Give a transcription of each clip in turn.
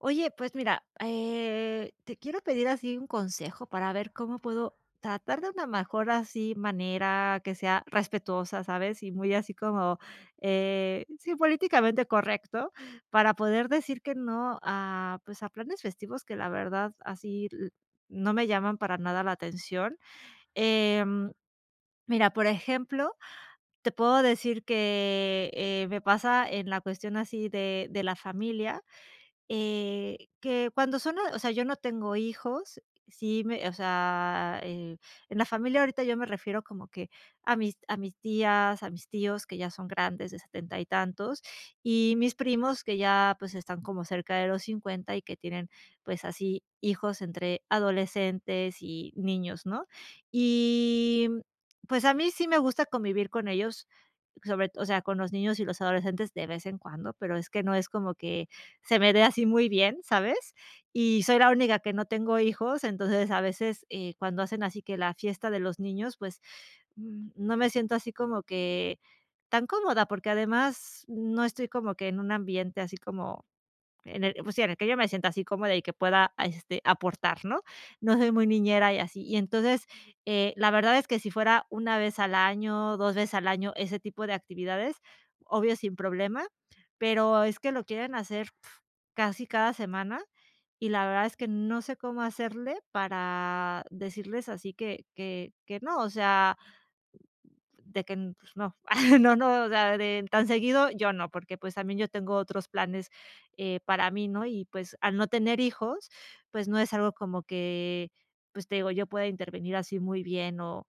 Oye, pues mira, eh, te quiero pedir así un consejo, para ver cómo puedo tratar de una mejor así manera que sea respetuosa, ¿sabes? Y muy así como, eh, sí, políticamente correcto para poder decir que no a, pues, a planes festivos que la verdad así lo no me llaman para nada la atención. Em, mira, por ejemplo, te puedo decir que, eh eh, me pasa en la cuestión así de de la familia, eh, que cuando son, o sea, yo no tengo hijos. Sí, me o sea, eh, en la familia ahorita yo me refiero como que a mis a mis tías, a mis tíos que ya son grandes de 70, y tantos y mis primos que ya, pues, están como cerca de los 50, y que tienen, pues, así hijos entre adolescentes y niños, ¿no? Y, mm, pues a mí sí me gusta convivir con ellos, sobre todo, o sea, con los niños y los adolescentes de vez en cuando, pero, es que, no es como que, se me de así muy bien, ¿sabes? Y soy la única que no tengo hijos, entonces a veces, eh, cuando hacen así que la fiesta de los niños, pues, mm, no me siento así como que tan cómoda, porque, además, no estoy como que en un ambiente así como, en el, pues sí, en el que yo me sienta así cómoda y que pueda este aportar, ¿no? No soy muy niñera y así. Y entonces, eh, la verdad es que si fuera 1, vez al año, 2, veces al año, ese tipo de actividades, obvio, sin problema, pero, es que lo quieren hacer uf, casi cada semana. Y la verdad es que no sé cómo hacerle para decirles así que que que no. O sea, de que n no no, pues no, ah ah, no, o sea, de tan seguido, yo no. Porque, pues, también yo tengo otros planes, eh, para mí, ¿no? Y pues, al no tener hijos, pues, no es algo como que pues te digo, yo pueda intervenir así muy bien o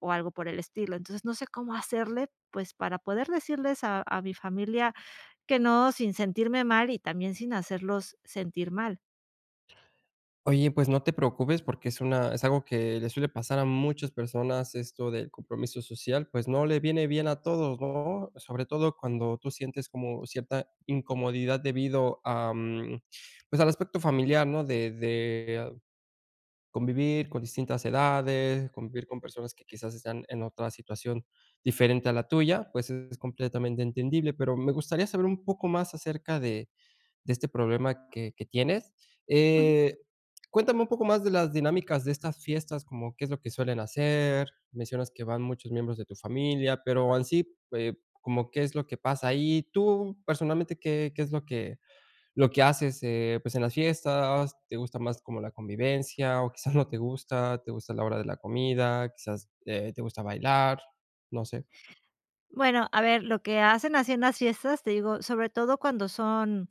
o algo por el estilo. Entonces no sé, cómo hacerle, pues, para poder decirles a a mi familia que no, sin sentirme mal y también sin hacerlos sentir mal. Oye, pues, no te preocupes, porque es una es algo que le suele pasar a muchas personas. Esto del compromiso social, pues, no le viene bien a todos, no, sobre todo cuando tú sientes como cierta incomodidad debido, am, a, pues al aspecto familiar, no de de convivir con distintas edades, convivir con personas que quizás están en otra situación diferente a la tuya. Pues, es completamente entendible, pero me gustaría saber un poco más acerca de de este problema que que tienes, Ujú. eh, cuéntame un poco más de las dinámicas de estas fiestas, como, ¿qué es lo que suelen hacer? Mencionas que van muchos miembros de tu familia, pero, en sí, eh, como que es lo que pasa ahí tú personalmente, ¿qué qué es lo que lo que haces? Eh, pues en las fiestas, te gusta más como la convivencia o quizás no te gusta, te gusta la hora de la comida, quizás, eh, te gusta bailar, no sé. Bueno, a ver lo que hacen así en las fiestas, te digo sobre todo cuando son,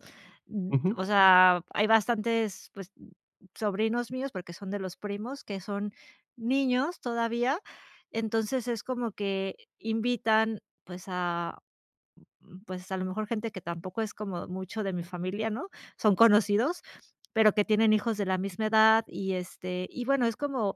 o Ujú. sea, hay bastantes, pues, sobrinos míos, porque son de los primos, que son niños todavía, entonces es como que invitan, pues, a, mm, pues, a lo mejor gente que tampoco es como mucho de mi familia, ¿no?, son conocidos, pero, que tienen hijos de la misma edad y este, y bueno, es como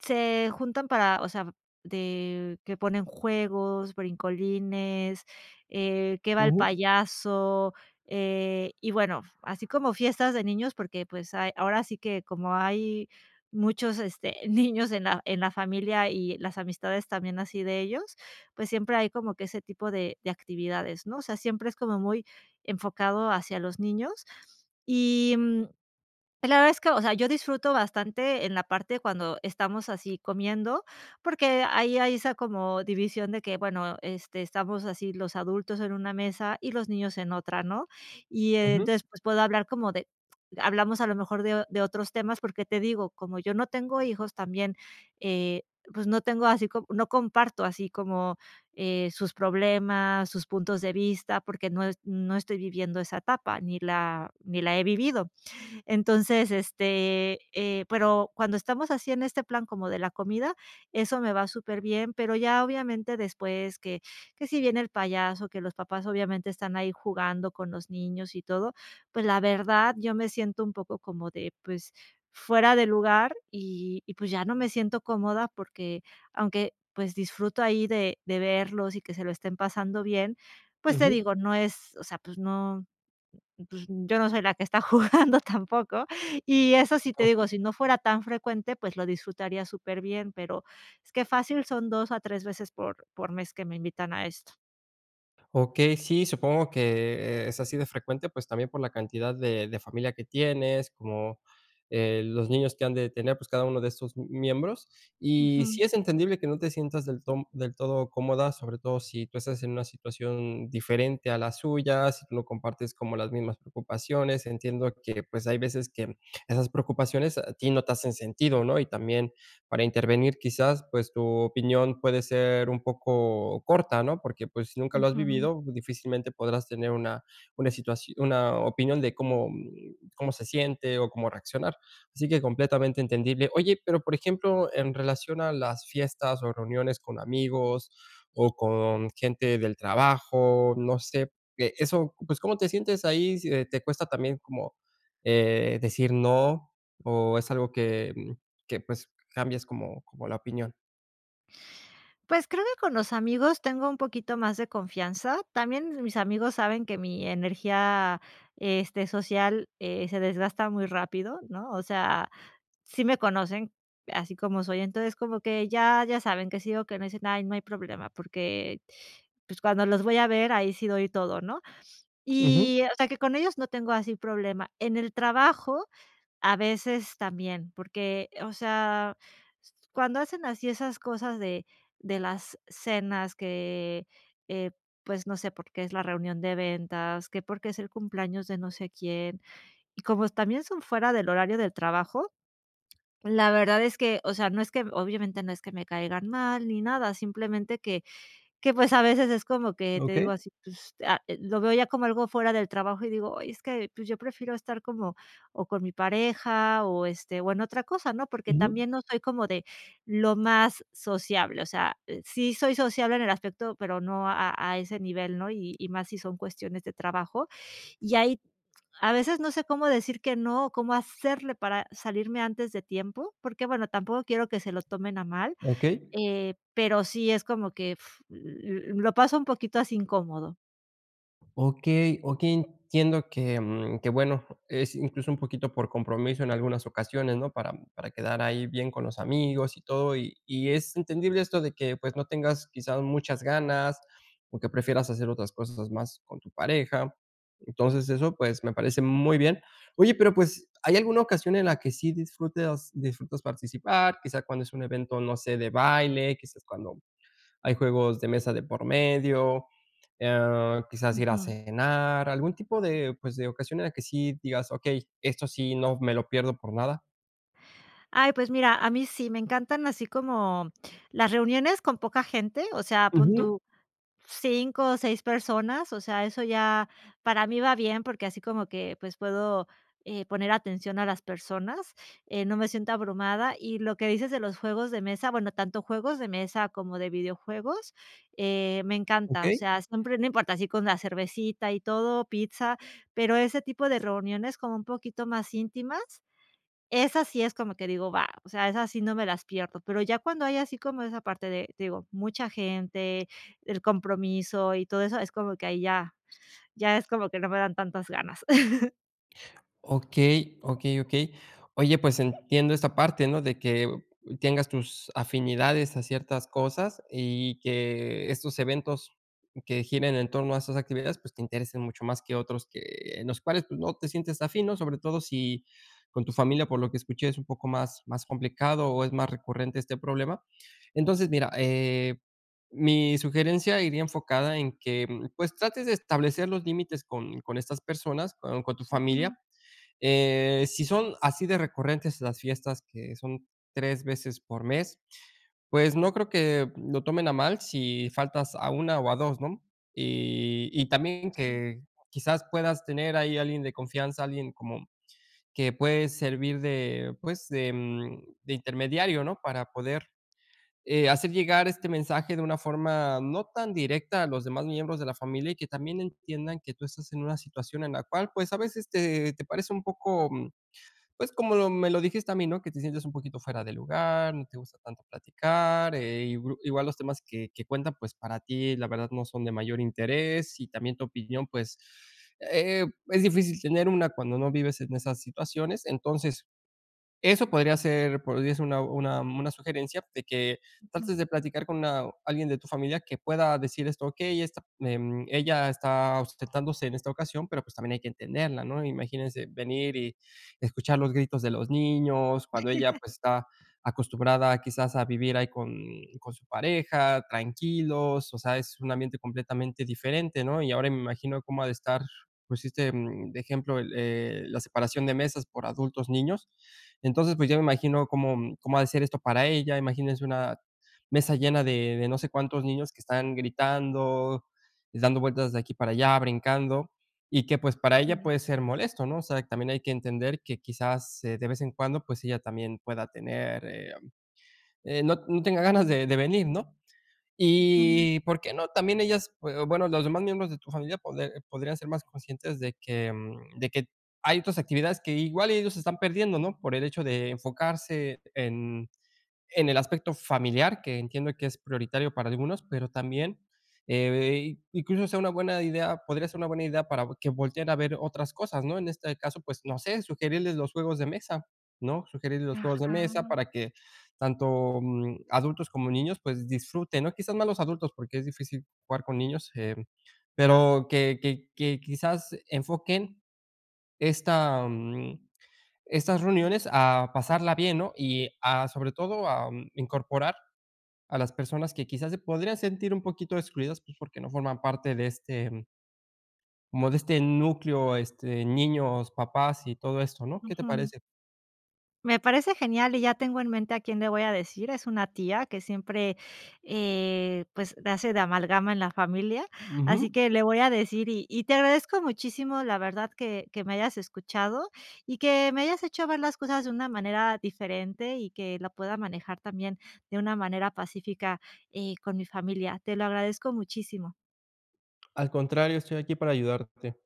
se juntan para, o sea, de que ponen juegos, brincolines, eh, que va el Ujú. payaso, eh, y bueno, así como fiestas de niños, porque, pues, hay ahora sí que como hay muchos este niños en la en la familia y las amistades también así de ellos, pues, siempre hay como que ese tipo de de actividades, ¿no?, o sea, siempre es como muy enfocado hacia los niños y, mm, la verdad es que, o sea, yo disfruto bastante en la parte cuando estamos así comiendo, porque, ahí hay esa como división de que bueno, este estamos así los adultos en una mesa y los niños en otra, ¿no? Y Ujú. entonces, pues, puedo hablar como de hablamos a lo mejor de de otros temas porque te digo como yo no tengo hijos también, eh, pues, no tengo así no comparto así como, eh, sus problemas, sus puntos de vista, porque no no estoy viviendo esa etapa, ni la ni la he vivido. Entonces, este, eh, pero, cuando estamos así en este plan como de la comida, eso me va superbién, pero, ya obviamente, después que que si viene el payaso, que los papás obviamente están ahí jugando con los niños y todo, pues la verdad, yo me siento un poco como de pues, fuera de lugar y y pues ya no me siento cómoda porque, aunque pues, disfruto ahí de de verlos y que se lo estén pasando bien, pues te Ujú. digo, no es, o sea, pues no, pues, yo no soy la que está jugando tampoco. Y eso sí te digo, Okey. si no fuera tan frecuente, pues, lo disfrutaría superbién, pero, es que fácil son 2 a 3, veces por por mes que me invitan a esto. Okey, sí, supongo que, eh, es así de frecuente, pues, también por la cantidad de de familia que tienes como, eh, los niños que han de tener, pues, cada uno de estos miembros, y Ujú. si es entendible que no te sientas del ton del todo cómoda, sobre todo si tú estás en una situación diferente a la suya, si tú no compartes como las mismas preocupaciones. Entiendo que, pues, hay veces que esas preocupaciones a ti no te hacen sentido, ¿no?, y también para intervenir quizás, pues, tu opinión puede ser un poco corta, ¿no? Porque, pues, nunca lo has Ujú. vivido, difícilmente, podrás tener una una situación una opinión de cómo cómo se siente o cómo reaccionar, así que completamente entendible, oye, pero, por ejemplo, en relación a las fiestas o reuniones con amigos, o con gente del trabajo, no sé, eh eso, pues, ¿cómo te sientes ahí, si te cuesta también como, eh, decir no, o es algo que que, mm, pues, cambias como como la opinión? Pues, creo que con los amigos, tengo un poquito más de confianza, también mis amigos saben que mi energía, este, social, eh, se desgasta muy rápido, ¿no? O sea, sí me conocen así como soy, entonces como que ya ya saben que sí o que no dicen, ay, no hay problema porque, pues, cuando los voy a ver ahí sí doy todo, ¿no?, Ujú. y o sea, que con ellos no tengo así problema, en el trabajo, a veces también, porque, o sea, cuando hacen así esas cosas de de las cenas que, eh, pues, no sé, por qué es la reunión de ventas, que porque es el cumpleaños de no sé quién y como también son fuera del horario del trabajo, la verdad es que, o sea, no es que obviamente no es que me caigan mal ni nada, simplemente que que, pues, a veces es como que, te digo Okey. así, pues, lo veo ya como algo fuera del trabajo y digo, ay, es que, pues, yo prefiero estar como, o con mi pareja, o este o en otra cosa, ¿no? Porque Ujú. también no soy como de lo más sociable, o sea, sí soy sociable en el aspecto, pero, no a a ese nivel, ¿no? Y y más si son cuestiones de trabajo y ahí a veces no sé cómo decir que no, o cómo hacerle para salirme antes de tiempo porque, bueno, tampoco quiero que se lo tomen a mal, Okey. eh, pero, sí es como que uf, l lo paso un poquito así incómodo. Okey, okey, entiendo que, mm, que bueno, es incluso un poquito por compromiso en algunas ocasiones, ¿no?, para para quedar ahí bien con los amigos y todo, y y es entendible esto de que pues, no tengas quizá muchas ganas, o que prefieras hacer otras cosas más con tu pareja, entonces eso, pues, me parece muy bien. Oye, pero, pues, ¿hay alguna ocasión en la que sí disfrutas disfrutas participar? Quizá cuando es un evento, no sé, de baile, quizás cuando hay juegos de mesa de por medio. Ah, quizás ir a Ujú. cenar algún tipo de, pues, de ocasiones que sí digas: "Okey, esto sí no me lo pierdo por nada". Ay, pues mira, a mí sí me encantan así como las reuniones con poca gente. O sea, pon Ujú. tú 5, o 6, personas. O sea, eso ya para mí va bien, porque, así como que, pues puedo, eh, poner atención a las personas, eh, no me siento abrumada, y lo que dices de los juegos de mesa. Bueno, tanto juegos de mesa como de videojuegos, eh, me encanta. O Okey. sea, siempre no importa así con la cervecita y todo pizza, pero ese tipo de reuniones como un poquito más íntimas, esas sí es como que digo, va, o sea, esas sí no me las pierdo, pero ya cuando hay así como esa parte de, te digo, mucha gente, el compromiso y todo eso, es como que ahí ya ya es como que no me dan tantas ganas. Okey, okey, okey. Oye, pues, entiendo esa parte, ¿no?, de que tengas tus afinidades a ciertas cosas y que estos eventos que giren en torno a esas actividades, pues, te interesen mucho más que otros que en los cuales tú no te sientes afin, ¿no? Sobre todo si con tu familia, por lo que escuché, es un poco más más complicado o es más recurrente este problema, entonces, mira, eh, mi sugerencia iría enfocada en que pues, trates de establecer los límites con con estas personas con con tu familia, Ujú. eh, si son así de recurrentes las fiestas que son 3, veces por mes, pues, no creo que lo tomen a mal si faltas a 1, o a 2, ¿no?, y y también Sí. que quizás puedas tener ahí alguien de confianza, alguien como que puede servir de pues, de, mm, de intermediario, ¿no? Para poder, eh, hacer llegar este mensaje de una forma no tan directa a los demás miembros de la familia y que también entiendan que tú estás en una situación en la cual pues, a veces te te parece un poco, pues, como me lo dijiste también, no que te sientes un poquito fuera de lugar, no te gusta tanto platicar, eh, igual los temas que que cuentan, pues, para ti, la verdad no son de mayor interés y también tu opinión pues, eh, mm, es difícil tener una cuando no vives en esas situaciones. Entonces, eso podría ser podría ser una una una sugerencia de que Ujú. trates de platicar con a alguien de tu familia que pueda decir esto: "Okey, em, ella está ausentándose en esta ocasión, pero pues, también hay que entenderla, ¿no?, imagínese venir y escuchar los gritos de los niños, cuando ella pues, está acostumbrada quizás a vivir ahí con con su pareja tranquilos". O sea, es un ambiente completamente diferente, ¿no? Y ahora me imagino cómo ha, de estar, pues, este de ejemplo, eh, la separación de mesas por adultos, niños, entonces pues, yo me imagino cómo cómo ha de ser esto para ella. Imagínense una mesa llena de de no sé, cuántos niños que están gritando, dando vueltas de aquí para allá, brincando y que pues, para ella Sí. puede ser molesto, ¿no? O sea, también hay que entender que quizás, eh, de vez en cuando, pues, ella también pueda tener, eh, mm, no no tenga ganas de de venir, ¿no? Ujú. Y por qué, no también ellas, eh, bueno, los demás miembros de tu familia, pod podrían ser más conscientes de que, mm, de que hay otras actividades que igual ellos se están perdiendo, ¿no? por el hecho de enfocarse en en el aspecto familiar, que entiendo que es prioritario para algunos, pero, también, eh, incluso sea una buena idea podría ser una buena idea para que volte a ver otras cosas, ¿no? En este caso, pues, no sé sugerirles los juegos de mesa, ¿no? Sugerirles los juegos de Ajá. mesa para que tanto, mm, adultos como niños pues, disfruten, ¿no?, quizás más los adultos, porque, es difícil jugar con niños, em, pero que que que quizás enfoquen esta, mm, estas reuniones a pasarla bien, ¿no? Y a sobre todo, a, mm, incorporar a las personas que quizás se podrían sentir un poquito excluidas, pues, porque no forman parte de este, mm como de este núcleo, este, niños, papás y todo esto, ¿no? ¿Qué te Ujú. parece? Me parece genial y ya tengo en mente a quién le voy a decir. Es una tía que siempre, eh, pues, hace de amalgama en la familia, así Ujú. que le voy a decir y y te agradezco muchísimo la verdad que que me hayas escuchado y que me hayas hecho ver las cosas de una manera diferente y que la pueda manejar también de una manera pacífica, eh, con mi familia, te lo agradezco muchísimo. Al contrario, estoy aquí para ayudarte.